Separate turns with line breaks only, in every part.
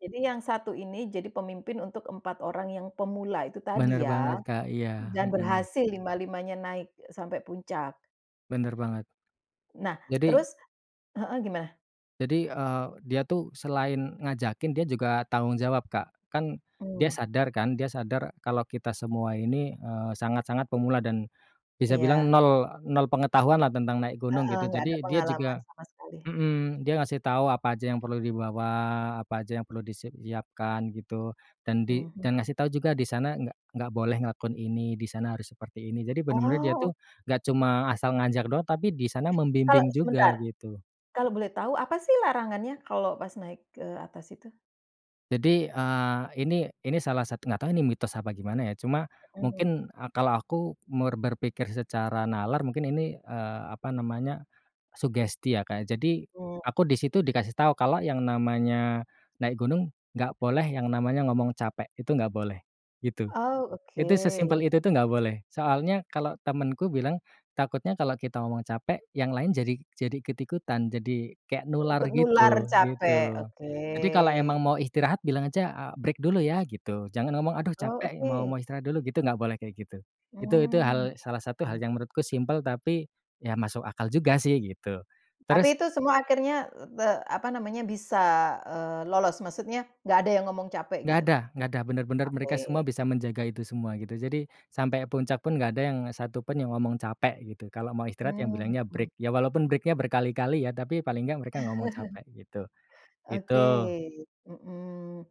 Jadi yang satu ini jadi pemimpin untuk 4 orang yang pemula itu
Bener
tadi
banget,
ya.
Kak, iya,
Dan
mhm.
berhasil lima-limanya naik e sampai puncak.
Bener banget.
Nah,
Jadi
terus heeh, gimana?
Jadi, eee, dia tuh selain ngajakin, dia juga tanggung jawab Kak. Kan dia
Hmm.
sadar kan, dia sadar kalau kita semua ini, eee, sangat-sangat pemula dan bisa bilang
Iya.
nol nol pengetahuan lah tentang naik gunung
Heeh,
gitu,
nggak ada
jadi dia
pengalaman
juga
sama sekali.
mhm, dia ngasih tahu apa aja yang perlu dibawa, apa aja yang perlu disiapkan gitu, dan di
Mhm.
dan ngasih tahu juga di sana gak gak boleh ngelakuin ini, di sana harus seperti ini. Jadi bener-bener dia
Oh.
tuh gak cuma asal ngajak doang, tapi di sana
Kalo
membimbing juga
sebentar,
gitu.
kalau boleh tahu apa sih larangannya kalo pas naik ke atas itu?
Jadi, eee, ini ini salah satu nggak tahu ini mitos apa gimana ya, cuma
Mhm.
mungkin, eee, kalau aku mer berpikir secara nalar mungkin ini, eee, apa namanya, sugesti ya, Kak. Jadi
Mmm.
aku di situ dikasih tahu kalau yang namanya naik gunung, nggak boleh yang namanya ngomong capek, itu nggak boleh, gitu.
Oh,
Itu sesimpel
oke.
itu tuh nggak boleh. Soalnya kalau temenku bilang takutnya kalau kita ngomong capek yang lain jadi jadi ikut-ikutan, jadi kayak nular
Ikut nular
gitu,
capek,
gitu. Jadi kalau emang
oke.
mau istirahat, bilang aja, eee, "Break dulu ya," gitu. Jangan ngomong, "Aduh
Oh,
capek, mau
oke.
mau istirahat dulu," gitu, gak boleh kayak gitu. Itu itu
Mmm,
hal salah satu
mmm.
hal yang menurutku simpel, tapi ya masuk akal juga sih gitu.
Tapi
Terus
itu semua akhirnya, eee, te apa namanya, bisa, eee, lolos, maksudnya nggak ada yang ngomong capek gitu?
Gak ada gak ada. Bener-bener mereka semua
Oke.
bisa menjaga itu semua gitu. Jadi sampai puncak pun gak ada yang satu pun yang ngomong capek gitu. Kalau mau istirahat ya
Mmm,
bilangnya break.
mhm.
Ya walaupun break-nya berkali-kali ya, tapi paling gak mereka gak ngomong capek, gitu.
Oke,
Itu.
mhm.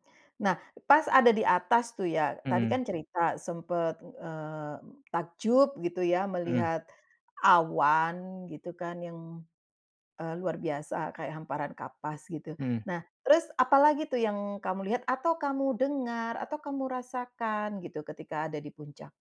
Nah, pas ada di atas tuh ya, tadi
Mhm.
kan cerita sempat, eee, takjub gitu ya
Mhm.
melihat awan gitu kan yang, eee, luar biasa kayak hamparan kapas gitu.
Mhm.
Nah, terus apa lagi tuh yang kamu lihat, atau kamu dengar, atau kamu rasakan gitu ketika ada di puncak?